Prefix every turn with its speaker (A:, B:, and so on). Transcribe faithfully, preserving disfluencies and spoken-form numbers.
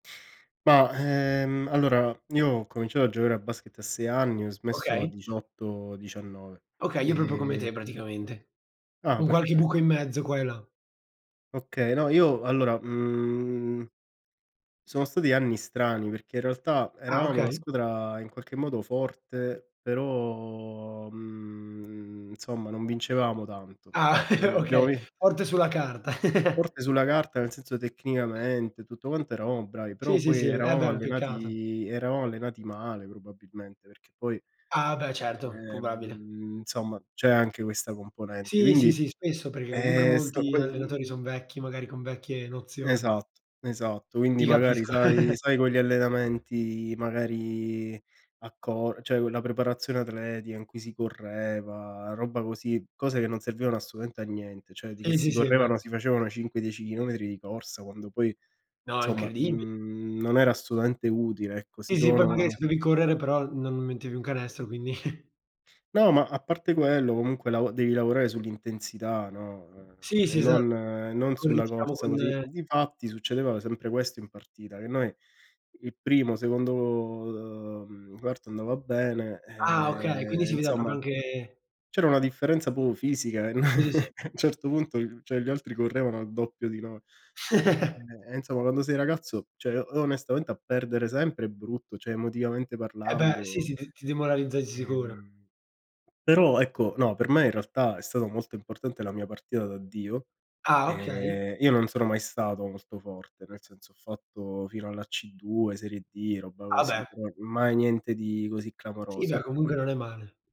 A: Ma ehm, allora io ho cominciato a giocare a basket a sei anni, ho smesso a
B: Okay.
A: diciotto diciannove.
B: Okay, io proprio come te
A: E
B: praticamente.
A: Ah!
B: Con qualche buco
A: Perfetto.
B: in mezzo qua e là.
A: Okay, no io allora mhm, sono stati anni strani perché in realtà
B: Ah!
A: eravamo una
B: Okay.
A: scudra in qualche modo forte però mhmm nsomma non vincevamo tanto.
B: Ah
A: Però abbiamo
B: okay,
A: vin
B: forte sulla
A: eh.
B: carta.
A: Forte sulla carta nel senso tecnicamente, tutto quanto eravamo bravi,
B: Sì,
A: però
B: sì,
A: poi
B: sì, eh beh, è
A: eravamo
B: un peccato.
A: allenati eravamo allenati male probabilmente, perché poi,
B: Ah beh, certo, pobabile
A: ehm nsomma c'è anche questa componente,
B: Sì, sì,
A: indi
B: sì, spesso perché comunque
A: eh stato
B: molti
A: quel
B: allenatori
A: mhm.
B: son vecchi, magari con vecchie nozioni.
A: Esatto, esatto. Quindi
B: Ti
A: magari
B: capisco.
A: sai sai con gli allenamenti magari a co cioè quella preparazione atletica in cui si correva, robba così cose che non servivano assolutamente a niente, cioè di che
B: Sì, sì,
A: si
B: sì eh beh!
A: correvano, si facevano cinque dieci chilometri di corsa quando poi
B: No!
A: nsomma
B: Incredibi
A: mhmm, non era assolutamente utile ecco, si.
B: Sì, sì, poi magari
A: [unintelligible]
B: se devi correre però, non mettevi un canestro, quindi.
A: No ma a parte quello comunque lav devi lavorare sull'intensità, no? Ehm
B: Sì,
A: e
B: sì, esa
A: non e
B: che
A: non
B: corre
A: sulla
B: diciamo
A: corsa
B: con
A: così.
B: ehm
A: Difatti succedeva sempre questo in partita, che noi il primo, secondo uh mhmm, quarto andava bene
B: Ah! Okay, quindi
A: e
B: si vedeva proprio
A: insomma
B: anche
A: c'era una differenza propio fisica e
B: Sì, sì.
A: a un certo punto cioè gli altri correvano al doppio di noi. Eh e insomma, quando sei ragazzo, cioè o onestamente a perdere sempre è brutto, cioè emotivamente
B: E beh, sì,
A: parlando.
B: sì, t ti demoralizza di sicuro.
A: Ehm. Però ecco, no, per me in realtà è stato molto importante la mia partita di addio
B: Ah! Okay.
A: e io non sono mai stato molto forte, nel senso ho fatto fino alla C2, serie D, robba
B: Ah
A: così,
B: beh!
A: però mai niente di così
B: Sì beh
A: clamoroso.
B: comunque non è male.